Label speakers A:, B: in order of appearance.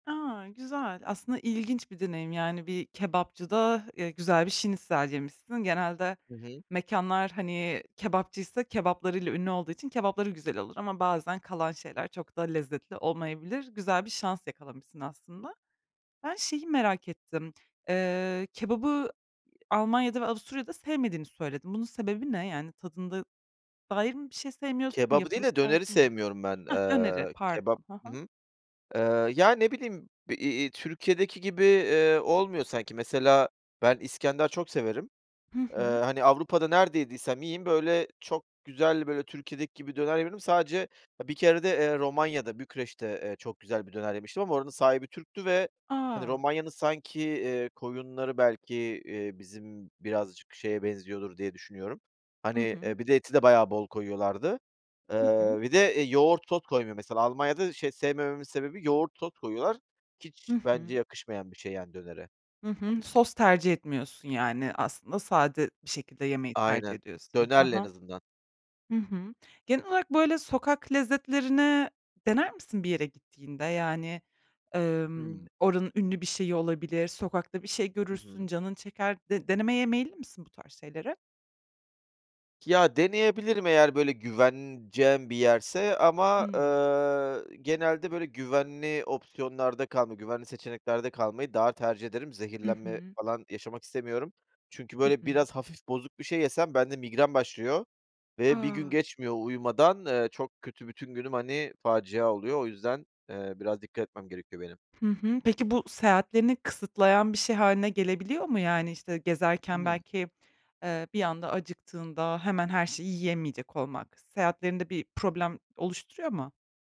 A: A, güzel! Aslında ilginç bir deneyim, yani, bir kebapçıda, eee, güzel bir şnitzel yemişsin. Genelde
B: Hı hı.
A: mekânlar, hani, kebapçıysa kebaplarıyla ünlü olduğu için, kebapları güzel olur ama bazen kalan şeyler çok da lezzetli olmayabilir. Güzel bir şans yakalamışsın aslında. Ben şeyi merak ettim. Iıı, kebabı, Almanya'da ve Avusturya'da sevmediğini söyledin. Bunun sebebi ne? Yani tadında dair mi bir şey sevmiyorsun,
B: Kebabı değil
A: yapılış
B: de, döneri
A: tarzı mı?
B: sevmiyorum ben.
A: Hah, döneri,
B: Iııı, kebap
A: pardon. Ha
B: Hı
A: ha.
B: hı. Iıı, ya, ne bileyim, iii, iii, Türkiye'deki gibi, ııı, olmuyor sanki. Mesela ben İskender çok severim.
A: Hı hı.
B: Iıı, hani, Avrupa'da nerede yediysem yiyeyim, böyle, çok güzel, böyle, Türkiye'deki gibi döner yemedim. Sadece, bir kerede, eee, Romanya'da, Bükreş'te, eee, çok güzel bir döner yemiştim ama oranın sahibi Türk'tü ve, hani,
A: A!
B: Romanya'nın sanki, iii, koyunları belki, iii, bizim birazcık şeye benziyordur diye düşünüyorum.
A: Hı
B: Hani,
A: hı.
B: eee, bir de eti de bayağı bol koyuyorlardı.
A: Hı hı.
B: Iıı, bir de, eee, yoğurt sos koymuyor mesela. Almanya'da şey sevmememin sebebi yoğurt sos koyuyorlar.
A: Hı
B: Hiç
A: hı.
B: bence yakışmayan bir şey yani dönere.
A: Hı hı. Sos tercih etmiyorsun, yani, aslında sade bir şekilde yemeyi tercih
B: Aynen.
A: ediyorsun. Ha
B: Dönerle en
A: ha.
B: azından.
A: Hı hı. Genel olarak, böyle, sokak lezzetlerini dener misin bir yere gittiğinde? Yani, ımm,
B: Hıı.
A: oranın ünlü bir şeyi olabilir, sokakta bir şey
B: Hı
A: görürsün,
B: hı.
A: canın çeker. De denemeye meyilli misin bu tarz şeyleri?
B: Ya, deneyebilirim eğer, böyle güveneceğim bir yerse ama,
A: Hıı.
B: ııı, genelde, böyle, güvenli opsiyonlarda kalma güvenli seçeneklerde kalmayı daha tercih ederim.
A: Hı
B: Zehirlenme
A: hı.
B: falan yaşamak istemiyorum çünkü
A: Hı
B: böyle
A: hı.
B: biraz hafif bozuk bir şey yesem bende migren başlıyor ve bir gün
A: A!
B: geçmiyor, uyumadan, ııı, çok kötü bütün günüm, hani, facia oluyor. O yüzden, eee, biraz dikkat etmem gerekiyor benim.
A: Hı hı. Peki bu seyahatlerini kısıtlayan bir şey hâline gelebiliyor mu? Yani, işte, gezerken
B: Hımm.
A: belki, ııı, bir anda acıktığında hemen her şeyi yiyemeyecek olmak seyahatlerinde bir problem oluşturuyor mu?